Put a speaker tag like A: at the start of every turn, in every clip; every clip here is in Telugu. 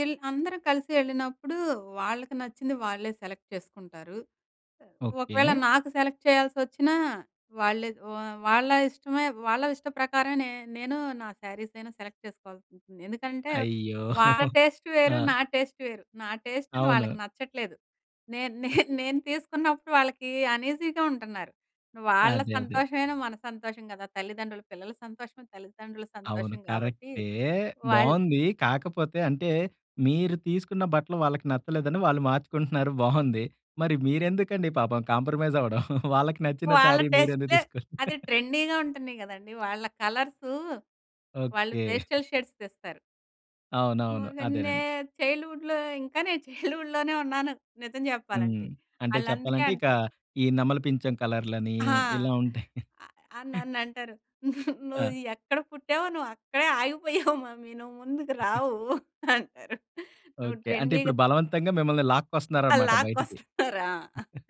A: ఈళ్ళు అందరూ కలిసి ఎళ్ళినప్పుడు, వాళ్ళకి నచ్చింది వాళ్ళే సెలెక్ట్ చేసుకుంటారు. ఒకవేళ
B: ఓకే.
A: నాకు సెలెక్ట్ చేయాల్సొ‌చ్చినా, వాళ్ళే వా వాళ్ళ ఇష్టమే వాళ్ళ ఇష్ట ప్రకారమే నే నేనూ నా శారీస‌యినా సెలెక్ట్ చేసుకోవాల్సుంటుంది. ఎందుకంటే,
B: అయ్యో!
A: వాళ్ళ టేస్ట్ వేరు.
B: ఆ!
A: నా టేస్ట్ వేరు. నా టేస్ట్‌ది
B: అవును.
A: వాళ్ళకి నచ్చట్లేదు. నేన్ నేన్ నేను తీసుకున్నప్పుడు వాళ్ళకి అన్‌ఈజీగా ఉంటన్నారు. వాళ్ళ
B: అదే. అదే!
A: సంతోషమైనా మన సంతోషం కదా! తల్లిదండ్రులు పిల్లల సంతోషమే తల్లితండ్రుల
B: అవును.
A: సంతోషం గాబట్టి,
B: కరెక్టే.
A: వాళ్ళు
B: బావుందీ. కాకపోతే అంటే, మీరు తీసుకున్న బట్టలు వాళ్ళకి నచ్చలేదని వాళ్ళు మార్చుకుంటున్నారు, బావుంది. మరి మీరెందుకండి పాపం కాంప్రమైజ్ అవడం! వాళ్ళకి నచ్చిన
A: వాళ్ళ
B: శారీ మీరెందుకు
A: టేస్ట్‌‌లే
B: తీసుకోడం!
A: అది ట్రెండీ‌గా ఉంటన్నయి కదండీ! వాళ్ళ కలర్సూ వాళ్ళు
B: ఓకే.
A: పేస్టల్ షేడ్స్ తెస్తారు.
B: అవునవును.
A: మొగన్నే
B: అదేనండి.
A: చైల్డ్‌హుడ్‌లో ఇంకా నేను చైల్డ్‌హుడ్‌ లోనే ఉన్నాను నిజం
B: హ్మ్.
A: చెప్పాలంటే.
B: అంటే
A: వాళ్ళందుకే
B: చెప్పాలంటే, ఇక
A: అంటారు.
B: ఈ నెమలి పించం కలర్‌ లనీ
A: ఆ!
B: ఇలా ఉంటాయి.
A: ఆ! ఆహ్, నన్నంటరు. ను "నువ్వు
B: ఆ!
A: ఎక్కడ పుట్టావో, నువ్వక్కడే ఆగిపోయావు మమ్మీ. నువ్వు ముందుకు రావు" అంటారు. నువ్వు
B: ఓకే. అంటే,
A: ట్రెండీ‌గ
B: ఇప్పుడు
A: త్
B: బలవంతంగా మిమ్మల్ని
A: ఆ!
B: లాక్కోస్తన్నారనమాట బయటికి.
A: లాక్కొస్తన్నారు ఆ!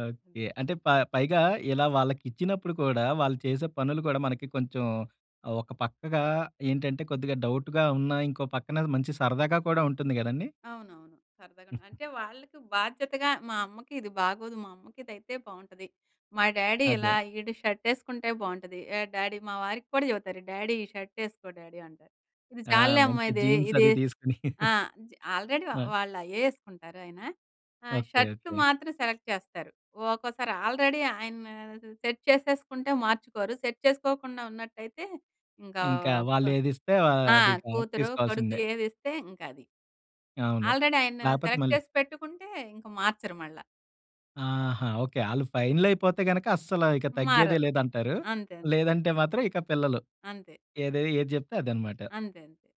B: ఓకే. అంటే, ప పైగా, ఇలా వాళ్ళకిచ్చినప్పుడు కూడా, వాళ్ళు చేసే పనులు కూడా, మనకి కొంచెం ఒక పక్కగా ఏంటంటే కొద్దిగా డౌటుగా ఉన్నా, ఇంకో పక్కనది మంచి సరదాగా కూడా ఉంటుంది కదండీ?
A: అవునవును. సరదాగనే. అంటే, వాళ్ళకి బాధ్యతగా మా అమ్మకి ఇది బాగోదు. మా అమ్మకిదైతే బావుంటది. మా డ్యాడీ
B: అదే.
A: ఇలా. ఈడు షర్టేసుకుంటే బావుంటది. ఏహ్! డ్యాడీ మా వారిక్కూడా చెవుతరు. "డ్యాడీ! ఈ షర్ట్ యేసుకో డ్యాడీ" అంటారు. ఇది
B: ఆ!
A: చాలులేమ్మా
B: మంచి
A: ఇదే,
B: జీన్స్
A: ఇది.
B: అదీ తీసుకుని
A: ఆ! జ్ ఆల్రెడీ
B: మ
A: ఆహ్, వాళ్ళయ్యే యేసుకుంటారు ఆయన. ఆహ్,
B: ఓకే.
A: Shirt
B: okay.
A: మాత్రం సెలెక్ట్ చేస్తారు. ఓకోసారి ఆల్రెడీ ఆయన సెట్ చేసేసుకుంటే మార్చుకోరు. సెట్ చేసుకోకుండా ఉన్నట్ట‌యితే, ఇంకా
B: ఇంకా
A: అప్
B: వాళ్ళే‌దిస్తే ఆహ్,
A: ఆ!
B: అదిక
A: కూతురు, కొడుకు
B: తీసుకోవాల్సిందే!
A: ఏదిస్తే ఇంకది.
B: అవును.
A: ఆల్రెడీ ఆయన
B: లేపోతే
A: సెలెక్ట్
B: మళ్ళీ
A: చేసి పెట్టుకుంటే, ఇంక మార్చరు మళ్ళా.
B: ఆహా! ఓకే. ఆళ్ళు ఫైనలయిపోతే గనక, అస్సలా ఇక తగ్గేదే
A: మారరు.
B: లేదంటారు.
A: అంతే. అంతే.
B: లేదంటే మాత్రం, ఇక పిల్లలు.
A: అంతే.
B: ఏదయ్ ఏది జెప్తే అదన్నమాట.
A: అంతే. అంతే.